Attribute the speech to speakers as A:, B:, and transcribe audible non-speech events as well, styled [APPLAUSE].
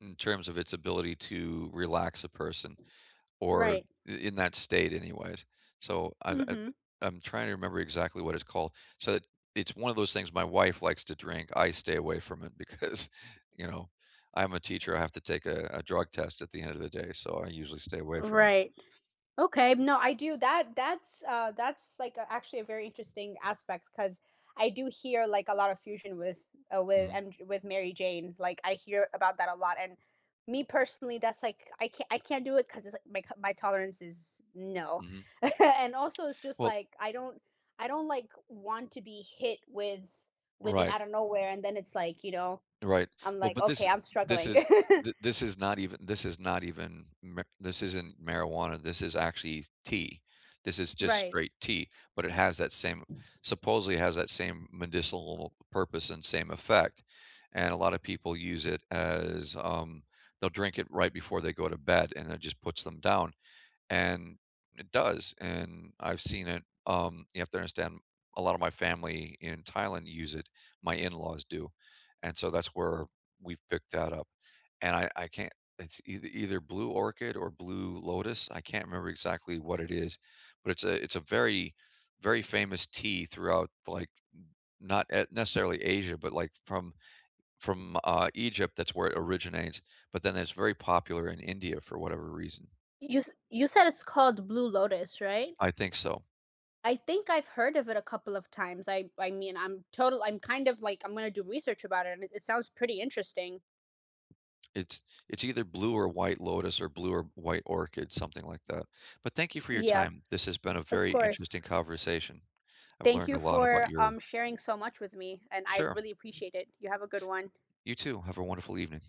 A: In terms of its ability to relax a person or
B: Right.
A: i in that state anyways. So I I
B: Mhm.
A: I'm trying to remember exactly what it's called. So it it's one of those things my wife likes to drink. I stay away from it because, you know, I'm a teacher. I have to take a a drug test at the end of the day, so I usually stay away from it.
B: Right, okay, no, I do that that's, uh, that's, like, uh, actually a very interesting aspect, 'cause I do hear, like, a lot of fusion with, uh, wi
A: Mhm.
B: and J with Mary Jane, like, I hear about that a lot, and me personally, that's, like, I c I can't do it 'cause it's, like, my c my tolerance is no.
A: Mhm.
B: [CHUCKLES] And also it's just
A: Well
B: like I don't I don't, like, want to be hit with with it
A: Right.
B: out of nowhere, and then it's, like, you know,
A: Right.
B: I'm
A: Well,
B: like,
A: but
B: "Okay,
A: this
B: I'm
A: this
B: struggling."
A: is
B: [CHUCKLES]
A: th this is not even this is not even ma this isn't marijuana. This is actually tea. This is just
B: Right.
A: straight tea, but it has that same, supposedly has that same medicinal purpose and same effect. And a lotta people use it as, um they'll drink it right before they go to bed and it just puts them down and it does, and I've seen it. Um, you have to understand, a lot of my family in Thailand use it. My in-laws do. And so that's where we've picked that up. And I I can't it's eith either Blue Orchid or Blue Lotus. I can't remember exactly what it is, but it's a it's a very very famous tea throughout, like, not e necessarily Asia, but, like, from from, uh, Egypt- that's where it originates- but then it's very popular in India for whatever reason.
B: You s you said it's called Blue Lotus, right?
A: I think so.
B: I think I've heard of it a couple of times. I I mean, I'm total I'm kind of, like, I'm gonna do research about it, and it sounds pretty interesting.
A: It's it's either blue or white lotus or blue or white orchid, something like that. But thank you
B: S
A: for your
B: yeah,
A: time. This has been a
B: of
A: very interesting
B: course.
A: conversation. I've
B: Thank
A: learned
B: you
A: a lot about
B: for, um,
A: your
B: sharing so much with me, and I
A: Sure.
B: really appreciate it. You have a good one.
A: You too. Have a wonderful evening.